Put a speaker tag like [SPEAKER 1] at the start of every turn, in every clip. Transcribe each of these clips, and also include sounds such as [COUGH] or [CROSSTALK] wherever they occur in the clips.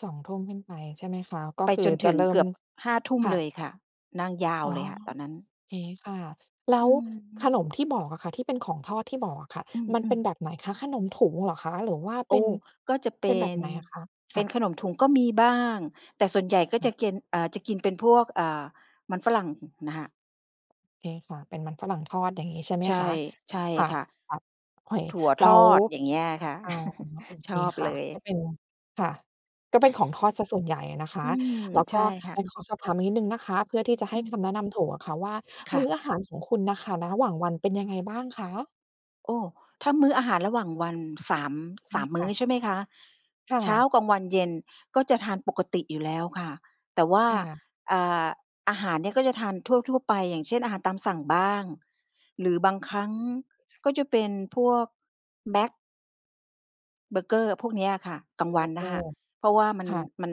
[SPEAKER 1] 2 ทุ่มขึ้นไปใช่ไหมคะ? ก็
[SPEAKER 2] ไป
[SPEAKER 1] คือ
[SPEAKER 2] จน
[SPEAKER 1] จ
[SPEAKER 2] ถ
[SPEAKER 1] ะ
[SPEAKER 2] ึง
[SPEAKER 1] เริ่
[SPEAKER 2] เก
[SPEAKER 1] ม
[SPEAKER 2] ือบ 5 ทุ่ม
[SPEAKER 1] ค่
[SPEAKER 2] เ
[SPEAKER 1] ะ
[SPEAKER 2] ลยค่ะ นั่งยาว
[SPEAKER 1] อ๋อ
[SPEAKER 2] เลยค่ะตอนนั้น
[SPEAKER 1] เคค่ะ แล้
[SPEAKER 2] อื
[SPEAKER 1] ว
[SPEAKER 2] อฮ
[SPEAKER 1] ข
[SPEAKER 2] ึ
[SPEAKER 1] นมที่บอกอะค่ะ ที่เป็นของทอดที่บอกอะค่ะ
[SPEAKER 2] อื
[SPEAKER 1] มันเป็
[SPEAKER 2] ม
[SPEAKER 1] น
[SPEAKER 2] ๆ
[SPEAKER 1] แบบไหนคะ? ขนมถุงเหรอคะ? หรือว่า
[SPEAKER 2] โ
[SPEAKER 1] เ
[SPEAKER 2] อ
[SPEAKER 1] ป็
[SPEAKER 2] ้!
[SPEAKER 1] น
[SPEAKER 2] ก็จะเป
[SPEAKER 1] เป็น
[SPEAKER 2] ็
[SPEAKER 1] แบบ
[SPEAKER 2] น
[SPEAKER 1] ไหนอะคะ?
[SPEAKER 2] เ
[SPEAKER 1] ค
[SPEAKER 2] ป
[SPEAKER 1] ่
[SPEAKER 2] ็น
[SPEAKER 1] ะ
[SPEAKER 2] ขนมถุงก็มีบ้าง แต่ส่วนใหญ่ก็
[SPEAKER 1] ค่
[SPEAKER 2] จ
[SPEAKER 1] ะ
[SPEAKER 2] ะเก็น อ่า จะกินเป็นพวก อ่า มันฝรั่ง ฮึ น่ะค่ะ
[SPEAKER 1] เคค่ะ เป็นมันฝรั่งทอดอย่างงี้ใช่ไหม
[SPEAKER 2] ใช่
[SPEAKER 1] คะ?
[SPEAKER 2] ใช่
[SPEAKER 1] ค่ะ
[SPEAKER 2] ค่ะ
[SPEAKER 1] แบบ เคว
[SPEAKER 2] ถั่วท
[SPEAKER 1] แล้
[SPEAKER 2] อ
[SPEAKER 1] ว
[SPEAKER 2] ดอย่างเงี้ยอะค่ะ
[SPEAKER 1] อ๋อ โอ
[SPEAKER 2] [CHUCKLES]
[SPEAKER 1] เ
[SPEAKER 2] ช
[SPEAKER 1] ค
[SPEAKER 2] อบ
[SPEAKER 1] ค
[SPEAKER 2] เ
[SPEAKER 1] ่
[SPEAKER 2] ล
[SPEAKER 1] ะ ก็
[SPEAKER 2] ย
[SPEAKER 1] เป็น ค่ะ ก็เป็นของทอดเสียส่วนใหญ่อะนะค
[SPEAKER 2] อ
[SPEAKER 1] ะ
[SPEAKER 2] ืม
[SPEAKER 1] แล้ว
[SPEAKER 2] ใช
[SPEAKER 1] ก็
[SPEAKER 2] ่ค่
[SPEAKER 1] อ
[SPEAKER 2] ะ
[SPEAKER 1] ยากขอสอบถามอีกนิดหนึ่งนะคะ เพื่อที่จะให
[SPEAKER 2] อ
[SPEAKER 1] ้
[SPEAKER 2] ื
[SPEAKER 1] ค
[SPEAKER 2] ม
[SPEAKER 1] ำแนะนำถูกอะค่ะว่า
[SPEAKER 2] ค
[SPEAKER 1] ม
[SPEAKER 2] ่
[SPEAKER 1] ื้
[SPEAKER 2] ะ
[SPEAKER 1] ออาหารของคุณน่ะค่ะ นะหว่างวันเป็นยังไงบ้างคะ?
[SPEAKER 2] โอ้! ถ้ามื้ออาหารระหว่างวัน 3- 3
[SPEAKER 1] [UNINTELLIGIBLE]
[SPEAKER 2] ม
[SPEAKER 1] ค
[SPEAKER 2] ื้
[SPEAKER 1] ่
[SPEAKER 2] อ
[SPEAKER 1] ะ
[SPEAKER 2] ใช่ไหมคะ?
[SPEAKER 1] ค่
[SPEAKER 2] เช้า
[SPEAKER 1] ะ
[SPEAKER 2] กลางวัน เย็น ก็จะทานปกติอยู่แล้วค่ะ แต่ว่า
[SPEAKER 1] ค่ะ
[SPEAKER 2] อ่า อาหารเนี่ยก็จะทานทั่ว ๆ ไป อย่างเช่น อาหารตามสั่งบ้าง หรือบางครั้ง
[SPEAKER 1] ค่ะ
[SPEAKER 2] ก็จะเป็นพวกแมค เบอร์เกอร์ พวกเนี้ยอะค่ะ กลางว
[SPEAKER 1] เบ
[SPEAKER 2] ัน
[SPEAKER 1] อร์เก
[SPEAKER 2] นะค
[SPEAKER 1] อร
[SPEAKER 2] ะ
[SPEAKER 1] ์
[SPEAKER 2] เพราะว่ามัน
[SPEAKER 1] ค่ะ
[SPEAKER 2] มัน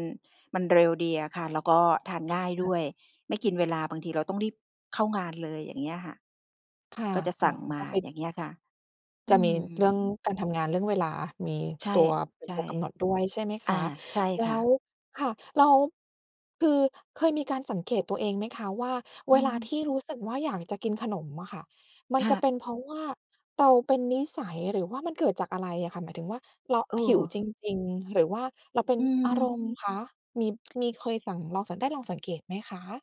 [SPEAKER 2] มันเร็วดีอะค่ะ แล้วก็ทานง่าย
[SPEAKER 1] ค
[SPEAKER 2] ด
[SPEAKER 1] ่
[SPEAKER 2] ้
[SPEAKER 1] ะ
[SPEAKER 2] วยไม่กินเวลา บางทีเราต้องรีบเข้างานเลย อย่างเงี้ยอะค่ะ
[SPEAKER 1] ค่ะ
[SPEAKER 2] ก็จะ
[SPEAKER 1] อ๋
[SPEAKER 2] ส
[SPEAKER 1] อ
[SPEAKER 2] ั่งม
[SPEAKER 1] ก
[SPEAKER 2] า
[SPEAKER 1] ็เคย
[SPEAKER 2] อย่างเงี้ยค่ะ อ
[SPEAKER 1] จะ
[SPEAKER 2] ื
[SPEAKER 1] มี เรื่อง
[SPEAKER 2] ม
[SPEAKER 1] การทำงาน เรื่องเวลา มี
[SPEAKER 2] ใช่
[SPEAKER 1] ตัว เป็
[SPEAKER 2] ใ
[SPEAKER 1] น
[SPEAKER 2] ช่
[SPEAKER 1] ตัวกำหนดด้วยใช่ไหม
[SPEAKER 2] อ
[SPEAKER 1] ค
[SPEAKER 2] ่า
[SPEAKER 1] ะ?
[SPEAKER 2] ใช่
[SPEAKER 1] แล
[SPEAKER 2] ค่
[SPEAKER 1] ้ว
[SPEAKER 2] ะ
[SPEAKER 1] ค่ะ แล้ว คือเคยมีการสังเกตตัวเองไหมคะว่า
[SPEAKER 2] อ
[SPEAKER 1] เ
[SPEAKER 2] ื
[SPEAKER 1] วลา
[SPEAKER 2] ม
[SPEAKER 1] ที่รู้สึกว่า อยากจะกินขนมอะค่ะ มัน
[SPEAKER 2] ค่
[SPEAKER 1] จะ
[SPEAKER 2] ะ
[SPEAKER 1] เป็นเพราะว่า เราเป็นนิสัย หรือว่ามันเกิดจากอะไรอะค่ะ? หมายถึงว่าเรา
[SPEAKER 2] เ
[SPEAKER 1] หิวจ
[SPEAKER 2] ออ
[SPEAKER 1] ริง ๆ หรือว่าเราเป็น
[SPEAKER 2] อื
[SPEAKER 1] อา
[SPEAKER 2] ม
[SPEAKER 1] ร
[SPEAKER 2] [TSK]
[SPEAKER 1] มณ์คะ? มี มีเคยสั่ง ลองสั่ง ได้ลองสังเกตไหมคะ?